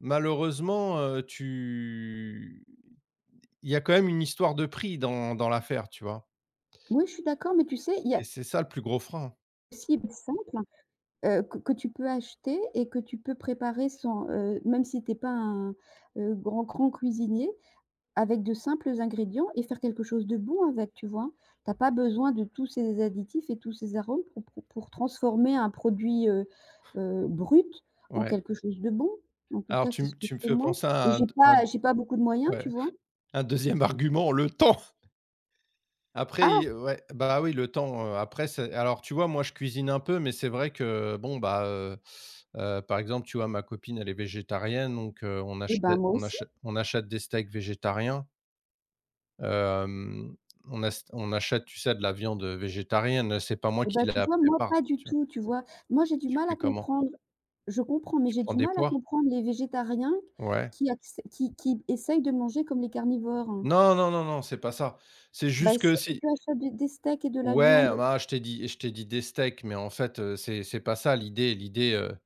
Malheureusement, heu, tu il y a quand même une histoire de prix dans dans l'affaire, tu vois? Oui, je suis d'accord, mais tu sais, il y Et a c'est ça le plus gros frein. Cible simple, heu, que que tu peux acheter et que tu peux préparer sans, heu, même si tu es pas un, heu, grand, grand cuisinier avec de simples ingrédients et faire quelque chose de bon avec, tu vois? Tu as pas besoin de tous ces additifs et tous ces arômes pour pour pour transformer un produit, heu, heu, brut en Ouais. quelque chose de bon. En tout Alors cas, tu c'est ce me que je tu me fais fais moi penser et à un de j'ai à de pas j'ai pas beaucoup de moyens, tu ouais, vois? un 2e argument, le temps! Après Ah! i ouais, bah, oui, le temps, heu, après, c'est alors tu vois, moi, je cuisine un peu mais c'est vrai que, bon, bah, heu, heu, par exemple, tu vois, ma copine elle est végétarienne donc, heu, on Eh achè ben, moi on aussi. achè on achète des steaks végétariens. Hem, on as on achète, tu sais, de la viande, heu, végétarienne, heu, c'est pas moi Eh qui bah, tu la vois, moi prépare, pas du tu vois? tout, tu vois? Moi, j'ai du Tu mal fais à comment? comprendre, je comprends, mais Tu j'ai prends du des mal à pois? comprendre les végétariens q Ouais. qui acce qui qui essayent de manger comme les carnivores. Non, non, non, non, c'est pas ça, c'est Bah juste si, que si si tu achètes des des steaks et de la Ouais, viande? ah ma ah, je t'ai dit je t'ai dit des steaks mais en fait, heu, c'est c'est pas ça l'idée l'idée, heu,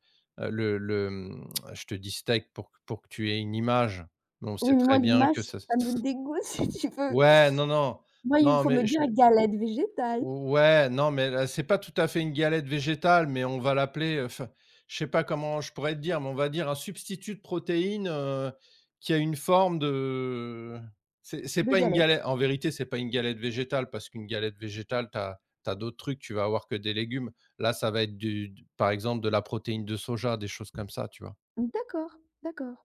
le le, mmh je te dis «steak» pour pour que tu aies une image mais on sait Oui, mais très moi, bien l'image, que ça ça ç ça me ç dégoûte, si tu veux. Ouais, non, non, Moi, il me non, faut me mais je dire: «galette végétale». ouais non, mais l c'est pas tout à fait une galette végétale, mais on va l'appeler, heu, enfin, je sais pas comment je pourrais te dire, mais on va dire un substitut de protéine, heu, qui a une forme de c'est c'est De pas une galette. gale en vérité, c'est pas une galette végétale parce qu'une galette végétale tu as tu as d'autres trucs, tu vas avoir que des légumes. Là ça va être du d par exemple, de la protéine de soja, des choses comme ça, tu vois? D'accord, d'accord.